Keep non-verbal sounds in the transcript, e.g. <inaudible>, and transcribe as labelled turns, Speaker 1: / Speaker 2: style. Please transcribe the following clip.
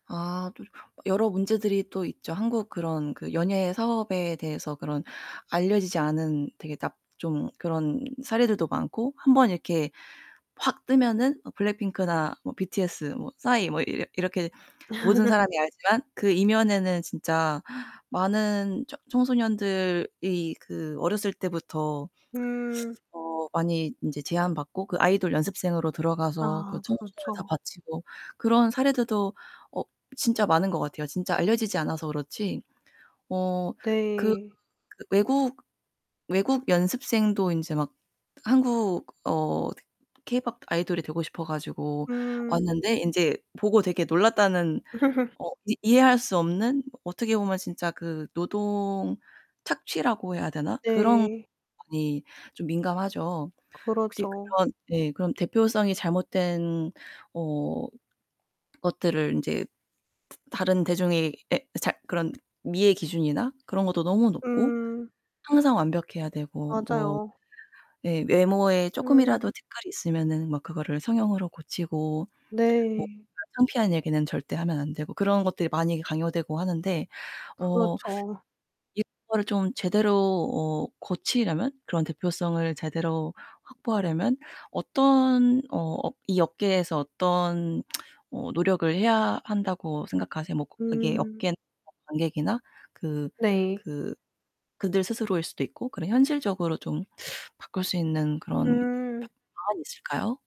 Speaker 1: 아 또 여러 문제들이 또 있죠. 한국 그런 그 연예 사업에 대해서 그런 알려지지 않은 되게 납 좀 그런 사례들도 많고 1 번 이렇게 확 뜨면은 어 블랙핑크나 뭐 BTS 뭐 싸이 뭐 이러 이렇게 모든
Speaker 2: <laughs>
Speaker 1: 사람이 알지만 그 이면에는 진짜 많은 처 청소년들이 그 어렸을 때부터
Speaker 2: 음.
Speaker 1: 어 많이 인제 제안받고 그 아이돌 연습생으로 들어가서 그
Speaker 2: 아
Speaker 1: 청춘을 다
Speaker 2: 그렇죠.
Speaker 1: 바치고 그런 사례들도 어 진짜 많은 것 같아요 진짜 알려지지 않아서 그렇지. 어 그
Speaker 2: 네.
Speaker 1: 그 외국 외국 연습생도 인제 막 한국 어 케이팝 아이돌이 되고 싶어 가지고
Speaker 2: 음.
Speaker 1: 왔는데 인제 보고 되게 놀랐다는
Speaker 2: <laughs>
Speaker 1: 어 이 이해할 수 없는 어떻게 보면 진짜 그 노동 착취라고 해야 되나 그런
Speaker 2: 네.
Speaker 1: 많이 좀 민감하죠. 혹시
Speaker 2: 그렇죠.
Speaker 1: 그런 예 그럼 대표성이 잘못된 어 것들을 인제 다른 대중의 에 잘 그런 미의 기준이나 그런 것도 너무 높고
Speaker 2: 음.
Speaker 1: 항상 완벽해야 되고 뭐
Speaker 2: 맞아요.
Speaker 1: 예 외모에
Speaker 2: 음.
Speaker 1: 쪼끔이라도 티끌이 있으면은 막 그거를 성형으로 고치고 뭐
Speaker 2: 네.
Speaker 1: 그런 창피한 얘기는 절대 하면 안되고 그런 것들이 많이 강요되고 하는데 어
Speaker 2: 그렇죠.
Speaker 1: 이거를 좀 제대로 어 고치려면 그런 대표성을 제대로 확보하려면 어떤 어 업 이 업계에서 어떤 <tsk> 어 노력을 해야 한다고 생각하세요? 뭐 그게
Speaker 2: 음.
Speaker 1: 업계나 뭐 관객이나 그
Speaker 2: 네.
Speaker 1: 그 그들 스스로일수도 있고 그런 현실적으로 좀 바꿀 수 있는 그런 브
Speaker 2: 음.
Speaker 1: 방안이 있을까요?